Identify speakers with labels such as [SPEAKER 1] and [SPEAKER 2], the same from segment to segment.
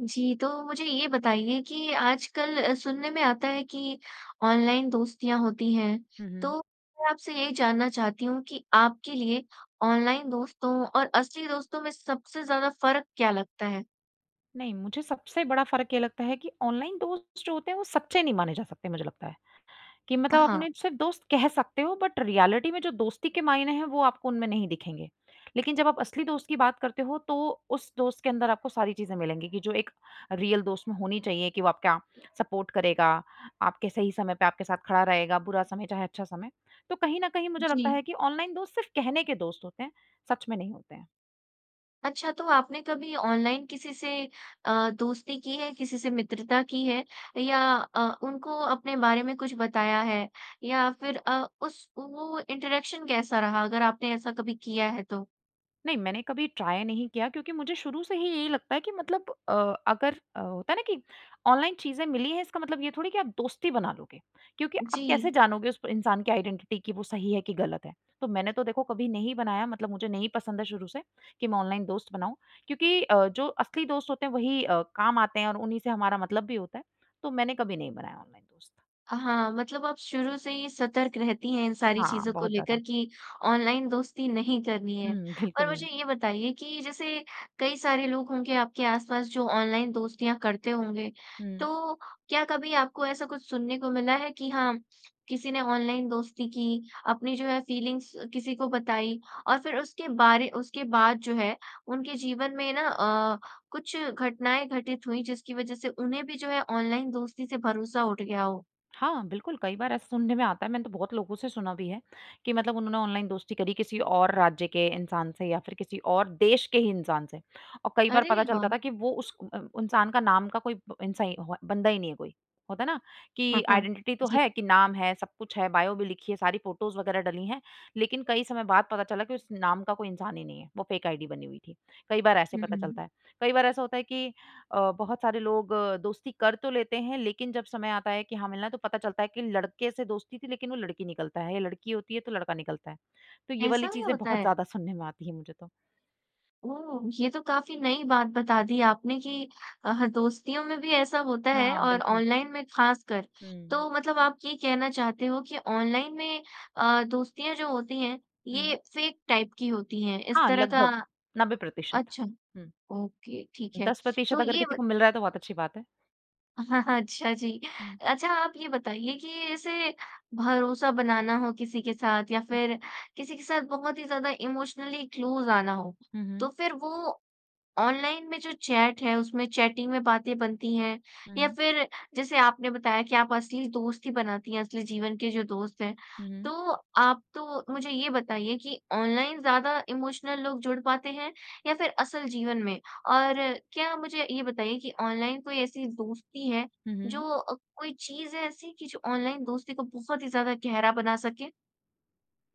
[SPEAKER 1] जी, तो मुझे ये बताइए कि आजकल सुनने में आता है कि, ऑनलाइन दोस्तियाँ होती हैं।
[SPEAKER 2] हुँ, हुँ।
[SPEAKER 1] तो, मैं आपसे ये जानना चाहती हूँ कि आपके लिए ऑनलाइन दोस्तों और असली दोस्तों में सबसे ज़्यादा फ़र्क क्या लगता है?
[SPEAKER 2] नहीं, मुझे सबसे बड़ा फ़र्क ये लगता है कि ऑनलाइन दोस्त जो होते हैं, वो सच्चे नहीं माने जा सकते मुझे लगता है, कि
[SPEAKER 1] अ,
[SPEAKER 2] मतलब आप
[SPEAKER 1] हाँ।
[SPEAKER 2] अपने सिर्फ दोस्त कह सकते हो, बट रियलिटी में जो दोस्ती के मायने हैं, वो आपको उनमें नहीं दिखेंगे। लेकिन जब आप असली दोस्त की बात करते हो, तो उस दोस्त के अंदर आपको सारी चीज़ें मिलेंगी कि जो एक रियल दोस्त में होनी चाहिए कि वो आपका सपोर्ट करेगा, आपके सही समय पर आपके साथ खड़ा रहेगा, बुरा समय चाहे अच्छा समय। तो कहीं न कहीं मुझे लगता
[SPEAKER 1] जी।
[SPEAKER 2] है कि ऑनलाइन दोस्त सिर्फ कहने के दोस्त होते हैं, सच में नहीं होते हैं।
[SPEAKER 1] अच्छा, तो आपने कभी ऑनलाइन किसी से अ, दोस्ती की है? किसी से मित्रता की है या अ, उनको अपने बारे में कुछ बताया है? या फिर अ, उस वो इंटरैक्शन कैसा रहा, अगर आपने ऐसा कभी किया है, तो?
[SPEAKER 2] नहीं, मैंने कभी ट्राई नहीं किया, क्योंकि मुझे शुरू से ही यही लगता है, कि मतलब अ, अगर अ, होता है ना कि ऑनलाइन चीज़ें मिली हैं, इसका मतलब ये थोड़ी कि आप दोस्ती बना लोगे। क्योंकि आप कैसे
[SPEAKER 1] जी।
[SPEAKER 2] जानोगे उस इंसान की आइडेंटिटी कि वो सही है कि गलत है। तो मैंने तो देखो कभी नहीं बनाया, मतलब मुझे नहीं पसंद है शुरू से, कि मैं ऑनलाइन दोस्त बनाऊँ। क्योंकि अ, जो असली दोस्त होते हैं, वही अ, काम आते हैं और उन्हीं से हमारा मतलब भी होता है। तो मैंने कभी नहीं बनाया ऑनलाइन दोस्त।
[SPEAKER 1] हाँ, मतलब आप शुरू से ही सतर्क रहती हैं इन सारी
[SPEAKER 2] हाँ,
[SPEAKER 1] चीज़ों को
[SPEAKER 2] बहुत ज़्यादा।
[SPEAKER 1] लेकर कि ऑनलाइन दोस्ती नहीं करनी है।
[SPEAKER 2] हुँ। बिल्कुल
[SPEAKER 1] और मुझे
[SPEAKER 2] नहीं।
[SPEAKER 1] ये बताइए कि, जैसे कई सारे लोग होंगे आपके आसपास जो ऑनलाइन दोस्तियाँ करते होंगे।
[SPEAKER 2] हुँ।
[SPEAKER 1] तो, क्या कभी आपको ऐसा कुछ सुनने को मिला है कि हाँ, किसी ने ऑनलाइन दोस्ती की, अपनी जो है, फीलिंग्स किसी को बताई और फिर उसके बारे उसके बाद जो है, उनके जीवन में ना अ, कुछ घटनाएँ घटित हुई जिसकी वजह से उन्हें भी जो है, ऑनलाइन दोस्ती से भरोसा उठ गया हो?
[SPEAKER 2] हाँ, बिल्कुल। कई बार ऐसे सुनने में आता है, मैंने तो बहुत लोगों से सुना भी है, कि मतलब उन्होंने ऑनलाइन दोस्ती करी किसी और राज्य के इंसान से या फिर किसी और देश के ही इंसान से। और कई बार
[SPEAKER 1] अरे
[SPEAKER 2] पता चलता
[SPEAKER 1] वाह!
[SPEAKER 2] था कि वो उस अ, इंसान का नाम का कोई इंसा अ, कोई बंदा ही नहीं है कोई। होता है ना, कि आइडेंटिटी तो
[SPEAKER 1] जी।
[SPEAKER 2] है, कि नाम है, सब कुछ है बायो भी लिखी है, सारी फ़ोटोज़ वगैरह डली है। लेकिन कई समय बाद पता चला कि उस नाम का कोई इंसान ही नहीं है, वो फेक आईडी बनी हुई थी। कई बार ऐसे पता
[SPEAKER 1] हुँ।
[SPEAKER 2] चलता है। कई बार ऐसा होता है कि अ, बहुत सारे लोग दोस्ती कर तो लेते हैं, लेकिन जब समय आता है कि हाँ, मिलना तो पता चलता है कि लड़के से दोस्ती थी, लेकिन वो लड़की निकलता है या लड़की होती है, तो लड़का निकलता है। तो ये वाली
[SPEAKER 1] ऐसा भी
[SPEAKER 2] चीज़ें
[SPEAKER 1] होता
[SPEAKER 2] बहुत
[SPEAKER 1] है?
[SPEAKER 2] ज़्यादा सुनने में आती हैं, मुझे तो।
[SPEAKER 1] ओह! ये तो काफ़ी नई बात बता दी आपने कि अ, हाँ, दोस्तियों में भी ऐसा होता है
[SPEAKER 2] हाँ,
[SPEAKER 1] और
[SPEAKER 2] बिल्कुल।
[SPEAKER 1] ऑनलाइन में खासकर।
[SPEAKER 2] हुँ।
[SPEAKER 1] तो मतलब आप ये कहना चाहते हो कि ऑनलाइन में अ, दोस्तियाँ जो होती हैं, ये
[SPEAKER 2] हुँ।
[SPEAKER 1] फ़ेक टाइप की होती हैं। इस
[SPEAKER 2] हाँ,
[SPEAKER 1] तरह का
[SPEAKER 2] लगभग, 90%
[SPEAKER 1] अच्छा,
[SPEAKER 2] हुँ।
[SPEAKER 1] ओके ठीक है।
[SPEAKER 2] दस
[SPEAKER 1] तो
[SPEAKER 2] प्रतिशत अगर
[SPEAKER 1] ये
[SPEAKER 2] किसी
[SPEAKER 1] बत
[SPEAKER 2] को मिल रहा है तो बहुत अच्छी बात है।
[SPEAKER 1] हाँ, हाँ, अच्छा जी।
[SPEAKER 2] हुँ।
[SPEAKER 1] अच्छा आप ये बताइए कि ऐसे भरोसा बनाना हो किसी के साथ या
[SPEAKER 2] हुँ।
[SPEAKER 1] फिर किसी के साथ बहुत ही ज़्यादा इमोशनली क्लोज़ आना हो।
[SPEAKER 2] हुँ,
[SPEAKER 1] तो
[SPEAKER 2] हुँ।
[SPEAKER 1] फिर वो, ऑनलाइन में जो चैट है, उसमें चैटिंग में बातें बनती हैं या
[SPEAKER 2] हुँ।
[SPEAKER 1] फिर जैसे आपने बताया कि आप असली दोस्ती बनाती हैं, असली जीवन के जो दोस्त हैं।
[SPEAKER 2] हुँ,
[SPEAKER 1] तो,
[SPEAKER 2] हुँ।
[SPEAKER 1] आप तो मुझे ये बताइए कि ऑनलाइन ज़्यादा इमोशनल लोग जुड़ पाते हैं या फिर असल जीवन में? और क्या मुझे ये बताइए कि ऑनलाइन कोई ऐसी दोस्ती है,
[SPEAKER 2] हुँ, हुँ।
[SPEAKER 1] जो अ, कोई चीज़ है, ऐसी कि जो ऑनलाइन दोस्ती को बहुत ही ज़्यादा गहरा बना सके?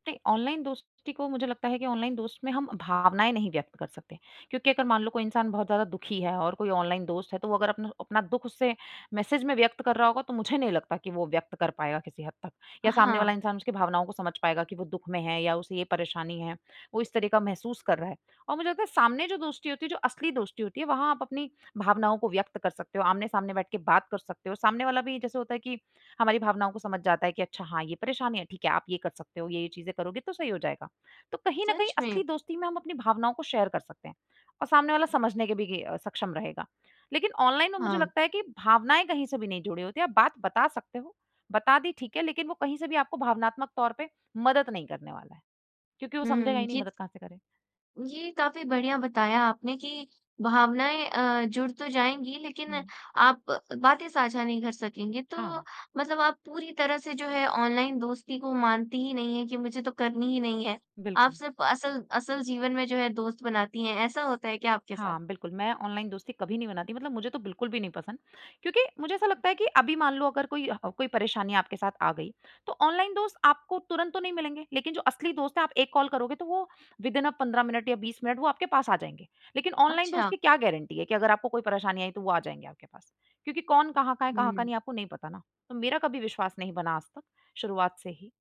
[SPEAKER 2] ते ऑनलाइन दोस्ती को मुझे लगता है कि ऑनलाइन दोस्त में हम भावनाएँ नहीं व्यक्त कर सकते। क्योंकि अगर मान लो कोई इंसान बहुत ज़्यादा दुखी है और कोई ऑनलाइन दोस्त है तो वो अगर अपना अपना दुख उससे मैसेज में व्यक्त कर रहा होगा तो मुझे नहीं लगता कि वो व्यक्त कर पाएगा किसी हद तक। या सामने वाला
[SPEAKER 1] हाँ।
[SPEAKER 2] इंसान उसकी भावनाओं को समझ पाएगा कि वो दुख में है या उसे ये परेशानी है। वो इस तरह का महसूस कर रहा है और मुझे लगता है सामने जो दोस्ती होती है, जो असली दोस्ती होती है वहाँ आप अपनी भावनाओं को व्यक्त कर सकते हो, आमने-सामने बैठ के बात कर सकते हो। सामने वाला भी जैसे होता है कि हमारी भावनाओं को समझ जाता है कि अच्छा हाँ, ये परेशानी है, ठीक है। आप ये कर सकते हो, ये-ये चीज़ें करोगे तो सही हो जाएगा। तो कहीं न कहीं
[SPEAKER 1] सच
[SPEAKER 2] असली
[SPEAKER 1] में?
[SPEAKER 2] दोस्ती में हम अपनी भावनाओं को शेयर कर सकते हैं और सामने वाला समझने के भी गे सक्षम रहेगा। लेकिन ऑनलाइन में मुझे
[SPEAKER 1] हाँ।
[SPEAKER 2] लगता है कि भावनाएँ कहीं से भी नहीं जुड़े होते है। आप बात बता सकते हो। बता दी ठीक है लेकिन वो कहीं से भी आपको भावनात्मक तौर पे मदद नहीं करने वाला है, क्योंकि वो समझेगा
[SPEAKER 1] हुँ,
[SPEAKER 2] ही नहीं
[SPEAKER 1] ये त
[SPEAKER 2] मदद कहाँ से करें?
[SPEAKER 1] ये काफी बढ़िया बताया आपने कि भावनाएँ अ, जुड़ तो जाएँगी लेकिन
[SPEAKER 2] हुँ।
[SPEAKER 1] आप बातें साझा नहीं कर सकेंगे तो
[SPEAKER 2] हाँ।
[SPEAKER 1] मतलब आप पूरी तरह से जो है ऑनलाइन दोस्ती को मानती ही नहीं है कि मुझे तो करनी ही नहीं है। आप
[SPEAKER 2] बिल्कुल।
[SPEAKER 1] सिर्फ़ असल, असल जीवन में जो है दोस्त बनाती हैं, ऐसा होता है क्या आपके साथ?
[SPEAKER 2] हाँ, बिल्कुल। मैं ऑनलाइन दोस्ती कभी नहीं बनाती मतलब मुझे तो बिल्कुल भी नहीं पसंद। क्योंकि मुझे ऐसा लगता है कि अभी मान लो अगर कोई ह अ, कोई परेशानी आपके साथ आ गई, तो ऑनलाइन दोस्त आपको तुरंत तो नहीं मिलेंगे। लेकिन जो असली दोस्त है आप एक कॉल करोगे तो वह विदिन अ, 15 मिनट या 20 मिनट वो आपके पास आ जाएँगे। लेकिन ऑनलाइन दोस्त
[SPEAKER 1] अच्छा।
[SPEAKER 2] की क्या गारंटी है कि अगर आपको कोई परेशानी आई तो वो आ जाएँगे आपके पास, क्योंकि कौन कहाँ का है? कहाँ का
[SPEAKER 1] हुँ।
[SPEAKER 2] नहीं आपको नहीं पता ना? तो मेरा कभी विश्वास नहीं बना आज तक शुरुआत से ही।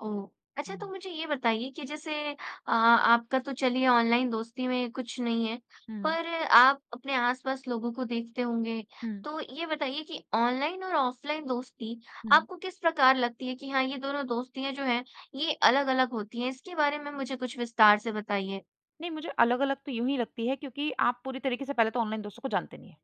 [SPEAKER 1] ओह! अच्छा तो
[SPEAKER 2] हुँ।
[SPEAKER 1] मुझे ये बताइए कि जैसे अ, आपका तो चलिए ऑनलाइन दोस्ती में कुछ नहीं है
[SPEAKER 2] हुँ।
[SPEAKER 1] पर आप अपने आस-पास लोगों को देखते होंगे।
[SPEAKER 2] हुँ।
[SPEAKER 1] तो ये बताइए कि ऑनलाइन और ऑफलाइन दोस्ती
[SPEAKER 2] हुँ।
[SPEAKER 1] आपको किस प्रकार लगती है कि हाँ ये दोनों दोस्तियाँ जो हैं ये अलग-अलग होती हैं, इसके बारे में मुझे कुछ विस्तार से बताइए?
[SPEAKER 2] नहीं मुझे अलग-अलग तो यूँ ही लगती हैं क्योंकि आप पूरी तरीके से पहले तो ऑनलाइन दोस्तों को जानते नहीं हैं।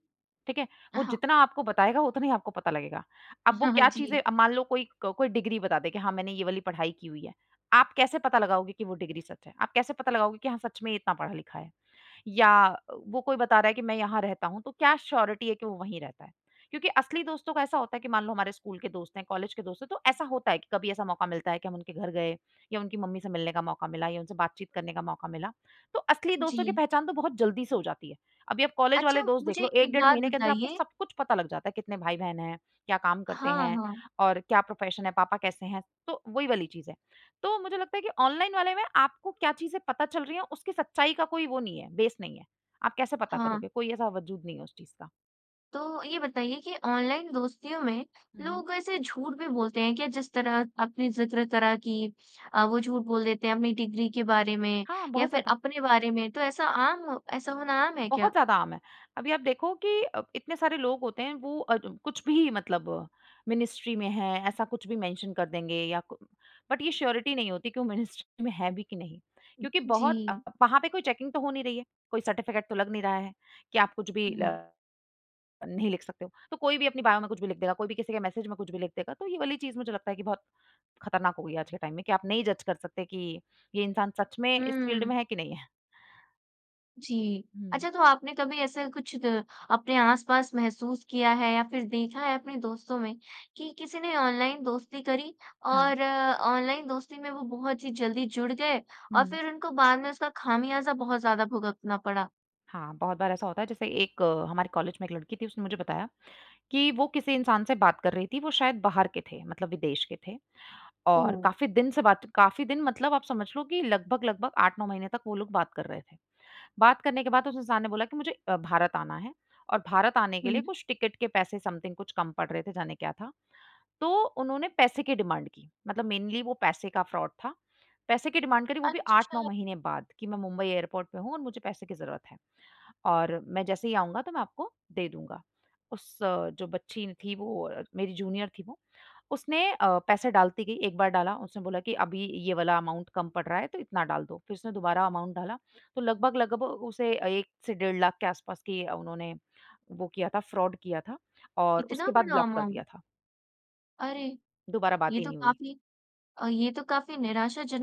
[SPEAKER 2] ठीक है? वो
[SPEAKER 1] हाँ।
[SPEAKER 2] जितना आपको बताएगा, उतना ही आपको पता लगेगा। अब वो
[SPEAKER 1] हाँ, हाँ।
[SPEAKER 2] क्या चीज़ें
[SPEAKER 1] जी।
[SPEAKER 2] अब मान लो कोई, क कोई डिग्री बता दे कि हाँ मैंने ये वाली पढ़ाई की हुई है। आप कैसे पता लगाओगे कि वो डिग्री सच है? आप कैसे पता लगाओगे कि हाँ सच में ये इतना पढ़ा-लिखा है? या वो कोई बता रहा है कि मैं यहाँ रहता हूँ तो क्या श्योरिटी है कि वो वहीं रहता है? क्योंकि असली दोस्तों का ऐसा होता है कि मान लो हमारे स्कूल के दोस्त हैं, कॉलेज के दोस्त हैं तो ऐसा होता है कि कभी ऐसा मौका मिलता है कि हम उनके घर गए या उनकी मम्मी से मिलने का मौका मिला या उनसे बातचीत करने का मौका मिला। तो असली दोस्तों की
[SPEAKER 1] जी।
[SPEAKER 2] पहचान तो बहुत जल्दी से हो जाती है। अभी आप कॉलेज वाले
[SPEAKER 1] अच्छा
[SPEAKER 2] दोस्त देख
[SPEAKER 1] मुझे
[SPEAKER 2] लो 1
[SPEAKER 1] एक
[SPEAKER 2] डेढ़
[SPEAKER 1] बात
[SPEAKER 2] महीने के अंदर आपको
[SPEAKER 1] बताइए?
[SPEAKER 2] सब कुछ पता लग जाता है। कितने भाई-बहन हैं, क्या काम करते
[SPEAKER 1] हाँ,
[SPEAKER 2] हैं,
[SPEAKER 1] हाँ।
[SPEAKER 2] और क्या प्रोफेशन है, पापा कैसे हैं, तो वही वाली चीज़ है। तो मुझे लगता है कि ऑनलाइन वाले में आपको क्या चीज़ें पता चल रही हैं उसकी सच्चाई का कोई वो नहीं है, बेस नहीं है। आप कैसे पता करोगे?
[SPEAKER 1] हाँ।
[SPEAKER 2] कोई ऐसा वजूद नहीं है उस चीज़ का।
[SPEAKER 1] तो ये बताइए कि ऑनलाइन दोस्तियों में
[SPEAKER 2] हुँ।
[SPEAKER 1] लोग ऐसे झूठ भी बोलते हैं क्या? जिस तरह आपने ज़िक्र करा कि अ, वो झूठ बोल देते हैं अपनी डिग्री के बारे में
[SPEAKER 2] हाँ,
[SPEAKER 1] या
[SPEAKER 2] बहुत
[SPEAKER 1] फ़िर
[SPEAKER 2] ज़्यादा।
[SPEAKER 1] अपने बारे में तो ऐसा आम ऐसा होना आम है क्या?
[SPEAKER 2] बहुत ज़्यादा आम है, अभी आप देखो कि अ, इतने सारे लोग होते हैं, वो अ, कुछ भी मतलब मिनिस्ट्री में है, ऐसा कुछ भी मेंशन कर देंगे या कु बट ये श्योरिटी नहीं होती कि वो मिनिस्ट्री में है भी कि नहीं? क्योंकि बहुत
[SPEAKER 1] जी।
[SPEAKER 2] वहाँ पे कोई चेकिंग तो हो नहीं रही है, कोई सर्टिफ़िकेट तो लग नहीं रहा है कि आप कुछ भी
[SPEAKER 1] हुँ।
[SPEAKER 2] अ, नहीं लिख सकते हो। तो कोई भी अपने बायो में कुछ भी लिख देगा, कोई भी किसी के मैसेज में कुछ भी लिख देगा, तो ये वाली चीज़ मुझे लगता है कि बहुत ख़तरनाक होगी आज के टाइम में कि आप नहीं जज कर सकते कि ये इंसान सच में इस फ़ील्ड
[SPEAKER 1] हुँ।
[SPEAKER 2] में है कि नहीं है?
[SPEAKER 1] जी,
[SPEAKER 2] हुँ।
[SPEAKER 1] अच्छा तो आपने कभी ऐसे कुछ अ, अपने आस-पास महसूस किया है या फ़िर देखा है अपने दोस्तों में कि किसी ने ऑनलाइन दोस्ती करी।
[SPEAKER 2] हाँ।
[SPEAKER 1] और ऑनलाइन दोस्ती में वो बहुत ही जल्दी जुड़ गए और
[SPEAKER 2] हुँ।
[SPEAKER 1] फ़िर उनको बाद में उसका खामियाज़ा बहुत ज़्यादा भुगतना पड़ा?
[SPEAKER 2] हाँ, बहुत बार ऐसा होता है, जैसे एक हमारे कॉलेज में एक लड़की थी, उसने मुझे बताया कि वो किसी इंसान से बात कर रही थी। वो शायद बाहर के थे, मतलब विदेश के थे। और
[SPEAKER 1] ओह!
[SPEAKER 2] काफ़ी दिन से बात काफ़ी दिन मतलब आप समझ लो कि लगभग-लगभग 8-9 महीने तक वो लोग बात कर रहे थे। बात करने के बाद उस इंसान ने बोला कि मुझे अ, भारत आना है और भारत आने के लिए
[SPEAKER 1] हुँ।
[SPEAKER 2] कुछ टिकट के पैसे समथिंग कुछ कम पड़ रहे थे, जाने क्या था? तो उन्होंने पैसे की डिमांड की। मतलब मेनली वो पैसे का फ्रॉड था। पैसे की डिमांड करी वो भी 8-9
[SPEAKER 1] अच्छा।
[SPEAKER 2] महीने बाद कि मैं मुंबई एयरपोर्ट पे हूँ और मुझे पैसे की ज़रूरत है और मैं जैसे ही आऊँगा तो मैं आपको दे दूँगा। उस जो बच्ची थी वो मेरी जूनियर थी वो, उसने अ, पैसे डालती गई 1 बार डाला। उसने बोला कि अभी ये वाला अमाउंट कम पड़ रहा है तो इतना डाल दो। फ़िर उसने दोबारा अमाउंट डाला। तो लगभग लगभग उसे 1 से डेढ़ लाख के आसपास की उन्होंने, वो किया था फ्रॉड किया था और
[SPEAKER 1] इतना
[SPEAKER 2] उसके बाद
[SPEAKER 1] बड़ा
[SPEAKER 2] ब्लॉक कर
[SPEAKER 1] अमाउंट।
[SPEAKER 2] दिया था।
[SPEAKER 1] अरे!
[SPEAKER 2] दुबारा बात
[SPEAKER 1] ये
[SPEAKER 2] ही
[SPEAKER 1] तो
[SPEAKER 2] नहीं हुई।
[SPEAKER 1] काफ़ी अ, ये तो काफ़ी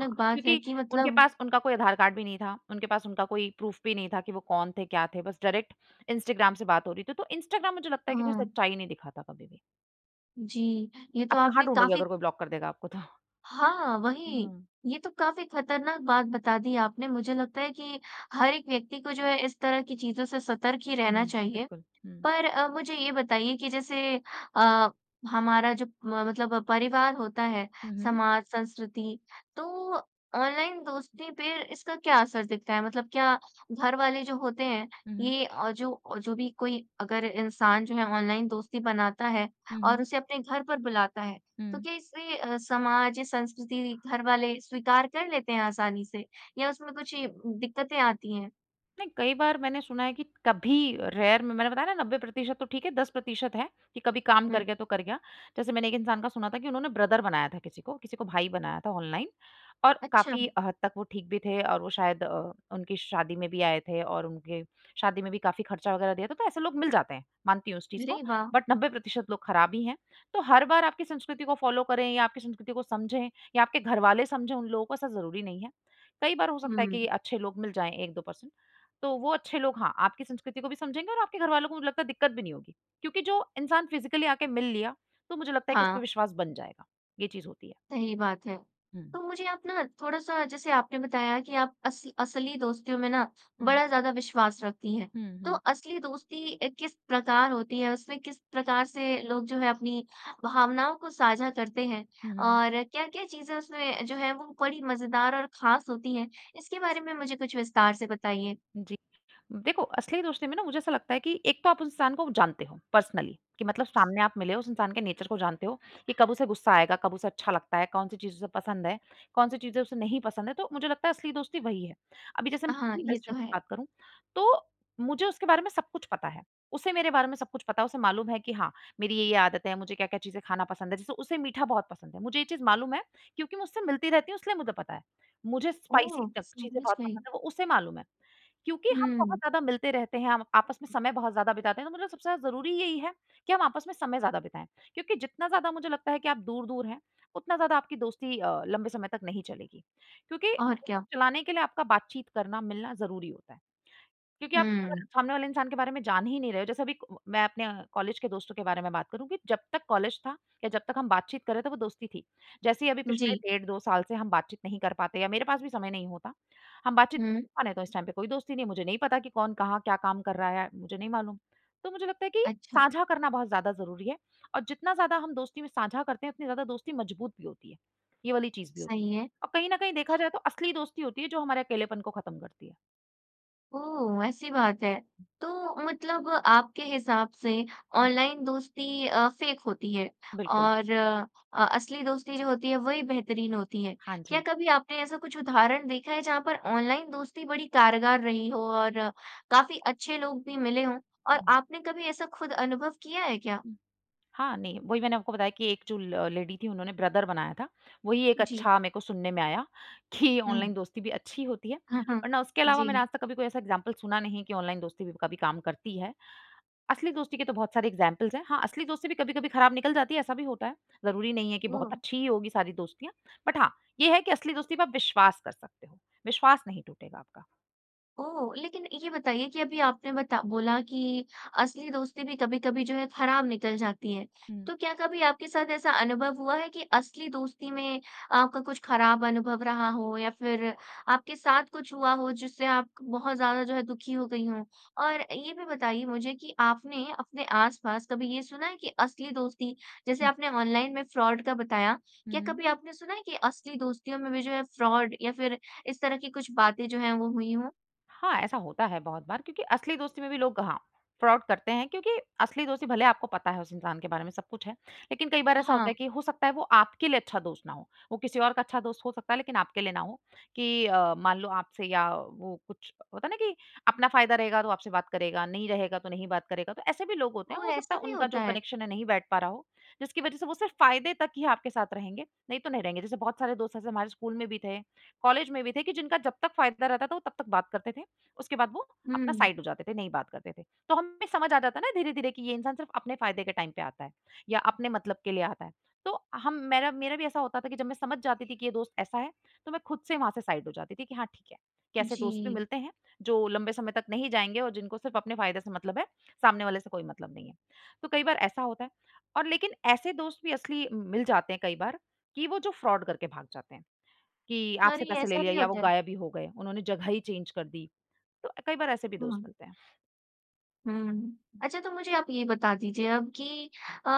[SPEAKER 2] हाँ,
[SPEAKER 1] बात है
[SPEAKER 2] क्योंकि
[SPEAKER 1] कि
[SPEAKER 2] उनके
[SPEAKER 1] मतलब
[SPEAKER 2] पास उनका कोई आधार कार्ड भी नहीं था। उनके पास उनका कोई प्रूफ भी नहीं था कि वो कौन थे, क्या थे? बस डायरेक्ट इंस्टाग्राम से बात हो रही थी। तो इंस्टाग्राम मुझे लगता है कि कोई
[SPEAKER 1] हाँ।
[SPEAKER 2] सच्चाई नहीं दिखाता कभी भी।
[SPEAKER 1] जी, ये तो
[SPEAKER 2] आप कहाँ
[SPEAKER 1] आपने
[SPEAKER 2] ढूँढोगे
[SPEAKER 1] काफ़ी
[SPEAKER 2] अगर वो ब्लॉक कर देगा आपको तो।
[SPEAKER 1] हाँ, वही
[SPEAKER 2] हाँ।
[SPEAKER 1] ये तो काफ़ी ख़तरनाक बात बता दी आपने मुझे लगता है कि हर एक व्यक्ति को जो है इस तरह की चीज़ों से सतर्क ही रहना
[SPEAKER 2] हुँ।
[SPEAKER 1] चाहिए।
[SPEAKER 2] बिल्कुल, हुँ।
[SPEAKER 1] पर अब मुझे ये बताइए कि जैसे अ, हमारा जो म मतलब परिवार होता है
[SPEAKER 2] हुँ, हुँ।
[SPEAKER 1] समाज, संस्कृति तो ऑनलाइन दोस्ती पे इसका क्या असर दिखता है? मतलब क्या घर वाले जो होते हैं
[SPEAKER 2] हुँ, हुँ।
[SPEAKER 1] ये जो जो भी कोई अगर इंसान जो है ऑनलाइन दोस्ती बनाता है
[SPEAKER 2] हुँ,
[SPEAKER 1] और
[SPEAKER 2] हुँ।
[SPEAKER 1] उसे अपने घर पर बुलाता है। तो
[SPEAKER 2] हुँ।
[SPEAKER 1] कैसे अ, समाज, संस्कृति, घर वाले स्वीकार कर लेते हैं आसानी से या उसमें कुछ दिक्कतें आती हैं?
[SPEAKER 2] नहीं, कई बार मैंने सुना है कि कभी रेयर में मैंने बताया ना 90 प्रतिशत तो ठीक है 10 प्रतिशत है कि कभी काम कर
[SPEAKER 1] हुँ।
[SPEAKER 2] गया, तो कर गया। जैसे मैंने एक इंसान का सुना था कि उन्होंने ब्रदर बनाया था किसी को, किसी को भाई बनाया था ऑनलाइन और
[SPEAKER 1] अच्छा।
[SPEAKER 2] काफ़ी हद तक वो ठीक भी थे और वो शायद अ, उनकी शादी में भी आए थे और उनके शादी में भी काफ़ी ख़र्चा वग़ैरह दिया था तो ऐसे लोग मिल जाते हैं। मानती हूँ उस चीज़ को
[SPEAKER 1] अरे वाह!
[SPEAKER 2] बट 90 प्रतिशत लोग ख़राब ही हैं। तो हर बार आपकी संस्कृति को फॉलो करें या आपकी संस्कृति को समझें या आपके घरवाले समझें, उन लोगों को ऐसा ज़रूरी नहीं है। कई बार हो सकता है
[SPEAKER 1] हुँ।
[SPEAKER 2] कि अच्छे लोग मिल जाएँ 1-2 परसेंट तो वो अच्छे लोग, हाँ, आपकी संस्कृति को भी समझेंगे और आपके घरवालों को मुझे लगता है दिक्कत भी नहीं होगी। क्योंकि जो इंसान फ़िज़िकली आके मिल लिया, तो मुझे लगता है कि उस पे
[SPEAKER 1] हाँ।
[SPEAKER 2] विश्वास बन जाएगा, ये चीज़ होती है।
[SPEAKER 1] सही बात है।
[SPEAKER 2] हुँ।
[SPEAKER 1] तो मुझे आप ना थोड़ा सा जैसे आपने बताया कि आप अस असली दोस्तों में ना
[SPEAKER 2] हुँ।
[SPEAKER 1] बड़ा ज़्यादा विश्वास रखती हैं।
[SPEAKER 2] हुँ,
[SPEAKER 1] तो
[SPEAKER 2] हुँ।
[SPEAKER 1] असली दोस्ती किस प्रकार होती है, उसमें किस प्रकार से लोग जो हैं अपनी भावनाओं को साझा करते हैं
[SPEAKER 2] हुँ, हुँ।
[SPEAKER 1] और क्या-क्या चीज़ें उसमें जो है वो बड़ी मज़ेदार और ख़ास होती हैं। इसके बारे में मुझे कुछ विस्तार से बताइए?
[SPEAKER 2] जी, देखो असली दोस्ती में ना मुझे ऐसा लगता है कि एक तो आप उस इंसान को जानते हो पर्सनली कि मतलब सामने आप मिले उस इंसान के नेचर को जानते हो कि कब उसे गुस्सा आएगा कब उसे अच्छा लगता है, कौन-सी चीज़ उसे पसंद है, कौन-सी चीज़ों से नहीं पसंद है तो मुझे लगता है, असली दोस्ती वही है। अभी जैसे मैं
[SPEAKER 1] हाँ,
[SPEAKER 2] अपनी
[SPEAKER 1] ये
[SPEAKER 2] बेस्ट
[SPEAKER 1] तो
[SPEAKER 2] फ़्रेंड की
[SPEAKER 1] है।
[SPEAKER 2] बात करूँ तो मुझे उसके बारे में सब कुछ पता है। उसे मेरे बारे में सब कुछ पता है उसे मालूम है कि हाँ मेरी ये-ये आदतें हैं। मुझे क्या-क्या चीज़ें खाना पसंद है जैसे उसे मीठा बहुत पसंद है। मुझे ये चीज़ मालूम है क्योंकि मैं उससे मिलती रहती हूँ इसलिए मुझे पता है। मुझे स्पाइसी
[SPEAKER 1] ओह!
[SPEAKER 2] तक चीज़ें
[SPEAKER 1] समझ
[SPEAKER 2] बहुत
[SPEAKER 1] गई।
[SPEAKER 2] पसंद हैं वो उसे मालूम है क्योंकि हम बहुत
[SPEAKER 1] हुँ।
[SPEAKER 2] ज़्यादा मिलते रहते हैं, हम आपस में समय बहुत ज़्यादा बिताते हैं। तो मतलब सबसे ज़्यादा ज़रूरी यही है कि हम आपस में समय ज़्यादा बिताएँ क्योंकि जितना ज़्यादा मुझे लगता है कि आप दूर-दूर हैं उतना ज़्यादा आपकी दोस्ती अ, लंबे समय तक नहीं चलेगी क्योंकि
[SPEAKER 1] और क्या?
[SPEAKER 2] चलाने के लिए आपका बातचीत करना, मिलना ज़रूरी होता है। क्योंकि आप अगर
[SPEAKER 1] हुँ।
[SPEAKER 2] सामने वाले इंसान के बारे में जान ही नहीं रहे जैसे अभी मैं अपने कॉलेज के दोस्तों के बारे में बात करूँ कि जब तक कॉलेज था या जब तक हम बातचीत कर रहे थे वो दोस्ती थी। जैसे ही अभी पिछले
[SPEAKER 1] जी।
[SPEAKER 2] डेढ़ 2 साल से हम बातचीत नहीं कर पाते या मेरे पास भी समय नहीं होता। हम बातचीत
[SPEAKER 1] हुँ।
[SPEAKER 2] मानें तो इस टाइम पे कोई दोस्ती नहीं मुझे नहीं पता कि कौन कहाँ? क्या काम कर रहा है? मुझे नहीं मालूम। तो मुझे लगता है कि
[SPEAKER 1] अच्छा।
[SPEAKER 2] साँझा करना बहुत ज़्यादा ज़रूरी है और जितना ज़्यादा हम दोस्ती में साँझा करते हैं उतनी ज़्यादा दोस्ती मज़बूत भी होती है, ये वाली चीज़ भी होती है।
[SPEAKER 1] सही है।
[SPEAKER 2] अब कहीं न कहीं देखा जाए तो असली दोस्ती होती है जो हमारे अकेलेपन को खत्म करती है।
[SPEAKER 1] ओह! वैसी बात है तो मतलब आपके हिसाब से ऑनलाइन दोस्ती अ, फ़ेक होती है
[SPEAKER 2] बिल्कुल।
[SPEAKER 1] और अ, असली दोस्ती जो होती है वही बेहतरीन होती हैं।
[SPEAKER 2] हाँ
[SPEAKER 1] क्या
[SPEAKER 2] जी।
[SPEAKER 1] कभी आपने ऐसा कुछ उदाहरण देखा है जहाँ पर ऑनलाइन दोस्ती बड़ी कारगर रही हो और काफ़ी अच्छे लोग भी मिले हों और
[SPEAKER 2] हुँ।
[SPEAKER 1] आपने कभी ऐसा खुद अनुभव किया है क्या?
[SPEAKER 2] हाँ नहीं वही मैंने आपको बताया कि 1 जो ल लेडी थी उन्होंने ब्रदर बनाया था। वही एक
[SPEAKER 1] जी।
[SPEAKER 2] अच्छा मेरे को सुनने में आया कि ऑनलाइन
[SPEAKER 1] हुँ।
[SPEAKER 2] दोस्ती भी अच्छी होती है
[SPEAKER 1] हुँ, हुँ।
[SPEAKER 2] वरना उसके अलावा मैंने
[SPEAKER 1] जी।
[SPEAKER 2] आज तक कभी कोई ऐसा एक्ज़ाम्पल सुना नहीं है कि ऑनलाइन दोस्ती भी कभी काम करती है। असली दोस्ती के तो बहुत सारे एक्ज़ाम्पल्स हैं, हाँ असली दोस्ती भी कभी-कभी खराब निकल जाती है ऐसा भी होता है। ज़रूरी नहीं है कि बहुत
[SPEAKER 1] ओह!
[SPEAKER 2] अच्छी ही होगी सारी दोस्तियाँ। बट हाँ ये है कि असली दोस्ती पे आप विश्वास कर सकते हो, विश्वास नहीं टूटेगा आपका।
[SPEAKER 1] ओह! लेकिन ये बताइए कि अभी आपने बता बोला कि असली दोस्ती भी कभी-कभी जो है खराब निकल जाती है।
[SPEAKER 2] हुँ।
[SPEAKER 1] तो क्या कभी आपके साथ ऐसा अनुभव हुआ है कि असली दोस्ती में आपका कुछ खराब अनुभव रहा हो या फ़िर आपके साथ कुछ हुआ हो जिससे आप बहुत ज़्यादा जो है दुखी हो गई हों। और ये भी बताइए मुझे कि आपने अपने आस-पास कभी ये सुना है कि असली दोस्ती, जैसे
[SPEAKER 2] हुँ।
[SPEAKER 1] आपने ऑनलाइन में फ्रॉड का बताया। क्या
[SPEAKER 2] हुँ।
[SPEAKER 1] कभी आपने सुना है कि असली दोस्तीयों में भी जो है फ्रॉड या फ़िर इस तरह की कुछ बातें जो हैं वो हुई हों?
[SPEAKER 2] हाँ, ऐसा होता है बहुत बार क्योंकि असली दोस्ती में भी लोग हाँ फ्रॉड करते हैं। क्योंकि असली दोस्ती भले ही आपको पता है उस इंसान के बारे में सब कुछ है लेकिन कई बार ऐसा होता है
[SPEAKER 1] हाँ।
[SPEAKER 2] कि हो सकता है वो आपके लिए अच्छा दोस्त ना हो। वो किसी और का अच्छा दोस्त हो सकता है, लेकिन आपके लिए ना हो कि अ, मान लो आपसे या वो कुछ होता है ना कि अपना फ़ायदा रहेगा तो आपसे बात करेगा, नहीं रहेगा तो नहीं बात करेगा। तो ऐसे भी लोग होते हैं,
[SPEAKER 1] ओह!
[SPEAKER 2] हो सकता
[SPEAKER 1] ऐसा
[SPEAKER 2] है
[SPEAKER 1] भी
[SPEAKER 2] उनका जो
[SPEAKER 1] होता है।
[SPEAKER 2] कनेक्शन है नहीं बैठ पा रहा हो। जिसकी वजह से वो सिर्फ़ फ़ायदे तक ही आपके साथ रहेंगे, नहीं तो नहीं रहेंगे। जैसे बहुत सारे दोस्त ऐसे हमारे स्कूल में भी थे, कॉलेज में भी थे कि जिनका जब तक फ़ायदा रहता था वो तब तक बात करते थे। उसके बाद वो अपना
[SPEAKER 1] हुँ।
[SPEAKER 2] साइड हो जाते थे, नहीं बात करते थे। तो हमें भी समझ आ जाता है ना धीरे-धीरे कि ये इंसान सिर्फ़ अपने फ़ायदे के टाइम पे आता है या अपने मतलब के लिए आता है। तो हम मेरा मेरा भी ऐसा होता था कि जब मैं समझ जाती थी कि ये दोस्त ऐसा है तो मैं खुद से वहाँ से साइड हो जाती थी कि हाँ ठीक है। कि ऐसे दोस्त भी
[SPEAKER 1] जी।
[SPEAKER 2] मिलते हैं जो लंबे समय तक नहीं जाएँगे और जिनको सिर्फ़ अपने फ़ायदे से मतलब है सामने वाले से कोई मतलब नहीं है, तो कई बार ऐसा होता है। और लेकिन ऐसे दोस्त भी असली मिल जाते हैं कई बार कि वो जो फ्रॉड करके भाग जाते हैं कि
[SPEAKER 1] अरे!
[SPEAKER 2] आपसे पैसे ले
[SPEAKER 1] ऐसा
[SPEAKER 2] लिया
[SPEAKER 1] भी
[SPEAKER 2] या वो
[SPEAKER 1] होता है।
[SPEAKER 2] गायब ही हो गए उन्होंने जगह ही चेंज कर दी। तो कई बार ऐसे भी दोस्त
[SPEAKER 1] हुँ।
[SPEAKER 2] मिलते हैं।
[SPEAKER 1] हुँ, अच्छा तो मुझे आप ये बता दीजिए अब की अ,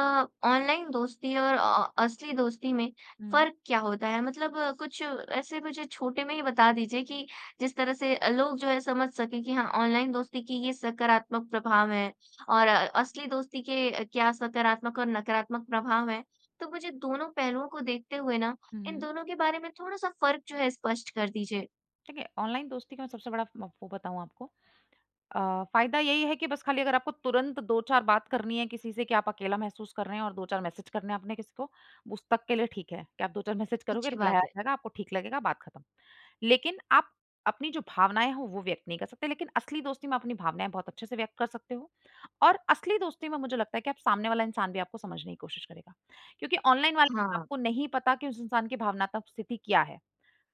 [SPEAKER 1] ऑनलाइन दोस्ती और अ, असली दोस्ती में
[SPEAKER 2] हुँ।
[SPEAKER 1] फ़र्क़ क्या होता है? मतलब अ, कुछ ऐसे मुझे छोटे में ही बता दीजिए कि जिस तरह से लोग जो है समझ सकें कि हाँ ऑनलाइन दोस्ती की ये सकारात्मक प्रभाव हैं और अ, असली दोस्ती के क्या सकारात्मक और नकारात्मक प्रभाव है। तो मुझे दोनों पहलू को देखते हुए ना
[SPEAKER 2] हुँ,
[SPEAKER 1] इन
[SPEAKER 2] हुँ।
[SPEAKER 1] दोनों के बारे में थोड़ा सा फ़र्क जो है स्पष्ट कर दीजिए?
[SPEAKER 2] देखिए, ऑनलाइन दोस्ती का मैं सबसे बड़ा वो बताऊँ आपको अ, फ़ायदा यही है कि बस खाली अगर आपको तुरंत 2-4 बात करनी है किसी से कि आप अकेला महसूस कर रहे हैं। और 2-4 मैसेज करने आपने किसी को, उस तक के लिए ठीक है कि आप 2-4 मैसेज करोगे
[SPEAKER 1] अच्छी
[SPEAKER 2] रिप्लाई आ
[SPEAKER 1] बात है।
[SPEAKER 2] जाएगा, आपको ठीक लगेगा बात खत्म। लेकिन आप अपनी जो भावनाएँ हों वो व्यक्त नहीं कर सकते, लेकिन असली दोस्ती में अपनी भावनाएँ बहुत अच्छे से व्यक्त कर सकते हो। और असली दोस्ती में मुझे लगता है कि आप सामने वाला इंसान भी आपको समझने की कोशिश करेगा क्योंकि ऑनलाइन वाले
[SPEAKER 1] हाँ।
[SPEAKER 2] आपको नहीं पता कि उस इंसान की भावनात्मक स्थिति क्या है?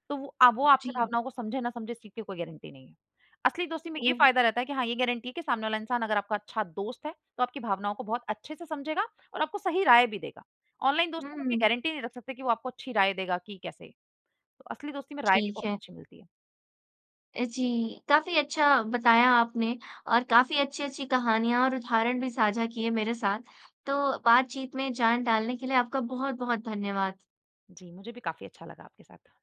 [SPEAKER 2] तो वो अब वो आपके
[SPEAKER 1] जी।
[SPEAKER 2] भावनाओं को समझे ना समझे, इस चीज़ की कोई गारंटी नहीं है। असली दोस्ती में ये
[SPEAKER 1] ओह!
[SPEAKER 2] फ़ायदा रहता है कि हाँ ये गारंटी है कि सामने वाला इंसान अगर आपका अच्छा दोस्त है तो आपकी भावनाओं को बहुत अच्छे से समझेगा और आपको सही राय भी देगा। ऑनलाइन
[SPEAKER 1] हुँ,
[SPEAKER 2] दोस्तों में आप ये
[SPEAKER 1] हुँ।
[SPEAKER 2] गारंटी नहीं रख सकते कि वो आपको अच्छी राय देगा कि कैसे। तो असली दोस्ती में राय भी
[SPEAKER 1] ठीक
[SPEAKER 2] बहुत
[SPEAKER 1] है।
[SPEAKER 2] अच्छी मिलती है।
[SPEAKER 1] जी, काफ़ी अच्छा बताया आपने और काफ़ी अच्छी-अच्छी कहानियाँ और उदाहरण भी साझा किए मेरे साथ। तो बातचीत में जान डालने के लिए आपका बहुत-बहुत धन्यवाद।
[SPEAKER 2] जी, मुझे भी काफ़ी अच्छा लगा आपके साथ।